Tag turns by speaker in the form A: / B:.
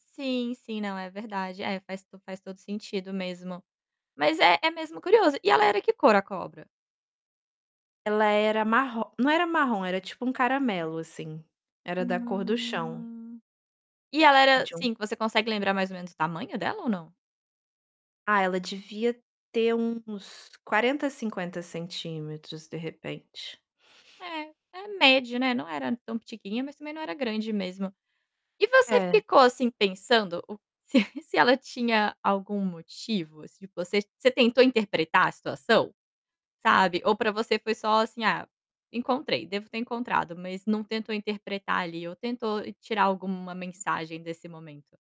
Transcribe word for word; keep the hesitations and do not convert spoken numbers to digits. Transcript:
A: Sim, sim, não, é verdade. É, faz to faz todo sentido mesmo. Mas é é mesmo curioso. E ela era que cor, a cobra?
B: Ela era marro não era marrom, era, tipo, um caramelo, assim. Era da cor do chão.
A: Hum, e ela era
B: De um
A: sim, que você consegue lembrar mais ou menos o tamanho dela ou não?
B: Ah, ela devia ter uns quarenta, cinquenta centímetros, de repente.
A: É, é média, né, não era tão pitiquinha, mas, também, não era grande mesmo. E você ficou,
B: É.
A: assim, pensando o se se ela tinha algum motivo? Se você você tentou interpretar a situação, sabe. Ou para você foi só, assim: "Ah, encontrei, devo ter encontrado", mas não tentou interpretar, ali, ou tentou tirar alguma mensagem desse momento?